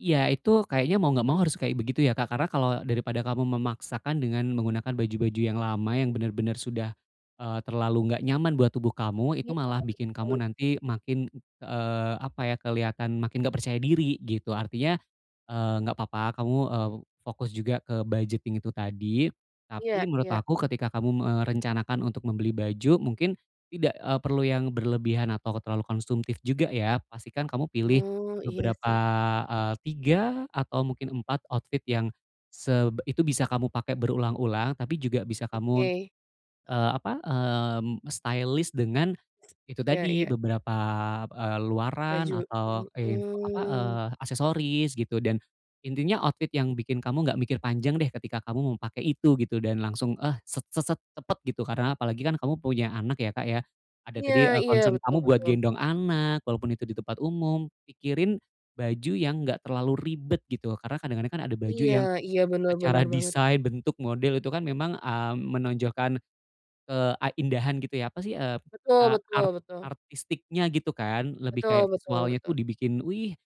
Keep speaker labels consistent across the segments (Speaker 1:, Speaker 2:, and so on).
Speaker 1: Ya itu kayaknya mau nggak
Speaker 2: Hmm.
Speaker 1: mau harus kayak begitu ya Kak, karena kalau daripada kamu memaksakan dengan menggunakan baju-baju yang lama, yang benar-benar sudah, eee, terlalu nggak nyaman buat tubuh kamu,
Speaker 2: Iya
Speaker 1: itu malah bikin kamu
Speaker 2: betul.
Speaker 1: nanti makin, ng eee, apa ya, keliatan makin nggak percaya diri gitu, artinya, eee, nggak apa-apa kamu, eee, fokus juga ke budgeting itu tadi.
Speaker 2: Iya
Speaker 1: Tapi menurut
Speaker 2: iya.
Speaker 1: aku ketika kamu merencanakan untuk membeli baju, mungkin, tidak, e perlu yang berlebihan atau terlalu konsumtif juga ya. Pastikan kamu pilih,
Speaker 2: Oh, iya
Speaker 1: beberapa,
Speaker 2: sih.
Speaker 1: eee, 3 atau mungkin 4 outfit yang, seb itu bisa kamu pakai berulang-ulang tapi juga bisa kamu,
Speaker 2: Oke.
Speaker 1: eee, apa, eee, mmm, stylish dengan, itu
Speaker 2: Ya
Speaker 1: tadi,
Speaker 2: ya ya.
Speaker 1: beberapa eee, luaran
Speaker 2: Baju,
Speaker 1: atau, in e apa,
Speaker 2: mhm.
Speaker 1: eee, aksesoris gitu dan, intinya outfit yang bikin kamu nggak mikir panjang deh ketika kamu mau pake itu, gitu. Dan langsung, eh, set set set cepat gitu, karena apalagi kan kamu punya anak ya Kak ya. Ada
Speaker 2: Iya
Speaker 1: tadi, e
Speaker 2: iya,
Speaker 1: concern
Speaker 2: betul
Speaker 1: kamu buat
Speaker 2: betul.
Speaker 1: gendong anak, walaupun itu di tempat umum. Pikirin baju yang nggak terlalu ribet gitu, karena kadang-kadang kan ada baju
Speaker 2: Iya
Speaker 1: yang,
Speaker 2: iya, benar
Speaker 1: secara
Speaker 2: benar banget
Speaker 1: desain, bentuk model itu kan memang, ah, menonjolkan, ke a indahan gitu ya, apa sih, eee,
Speaker 2: Betul
Speaker 1: a
Speaker 2: betul
Speaker 1: ar
Speaker 2: betul.
Speaker 1: artistiknya gitu kan, lebih
Speaker 2: Betul
Speaker 1: kayak
Speaker 2: betul
Speaker 1: visualnya tuh
Speaker 2: betul.
Speaker 1: dibikin, wih,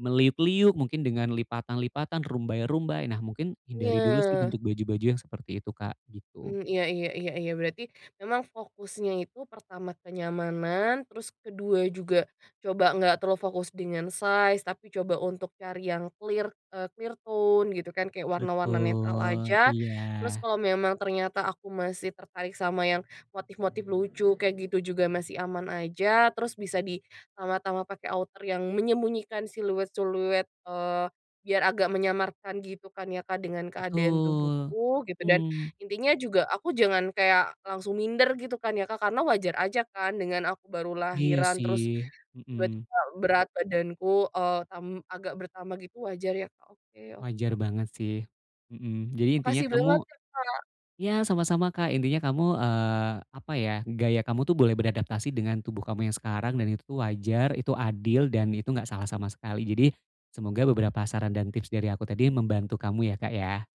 Speaker 1: meliuk-liuk, mungkin dengan lipatan-lipatan, rumbai-rumbai. Nah mungkin, hindari dulu sih
Speaker 2: Iya.
Speaker 1: bentuk baju baju yang seperti itu Kak, gitu.
Speaker 2: Mhm, iya iya iya iya berarti, memang fokusnya itu pertama kenyamanan, terus ke-2 juga coba nggak terlalu fokus dengan size, tapi coba untuk cari yang clear, e clear tone gitu kan, kayak warna-warna netral
Speaker 1: Betul,
Speaker 2: aja.
Speaker 1: iya.
Speaker 2: Terus kalo memang ternyata aku masih tertarik sama yang, motif-motif lucu kayak gitu juga masih aman aja, terus bisa ditambah-tambah pake outer yang menyembunyikan siluet-siluet, eee, biar agak menyamarkan gitu kan ya Kak, dengan keadaan
Speaker 1: Betul.
Speaker 2: tubuhku gitu dan,
Speaker 1: Mmm.
Speaker 2: intinya juga aku jangan kayak langsung minder gitu kan ya Kak, karena wajar aja kan dengan aku baru
Speaker 1: Iya
Speaker 2: lahiran terus,
Speaker 1: sih, mmm.
Speaker 2: tiba-tiba berat badanku, eee, tam agak bertambah gitu wajar ya Kak, oke oke
Speaker 1: Wajar
Speaker 2: oke.
Speaker 1: banget sih, mmm. Jadi intinya
Speaker 2: Makasih banget
Speaker 1: kamu
Speaker 2: ya Kak.
Speaker 1: ya sama-sama Kak, intinya kamu, eee, apa ya, gaya kamu tuh boleh beradaptasi dengan tubuh kamu yang sekarang, dan itu wajar, itu adil, dan itu enggak salah sama sekali. Jadi, semoga beberapa saran dan tips dari aku tadi membantu kamu ya Kak ya.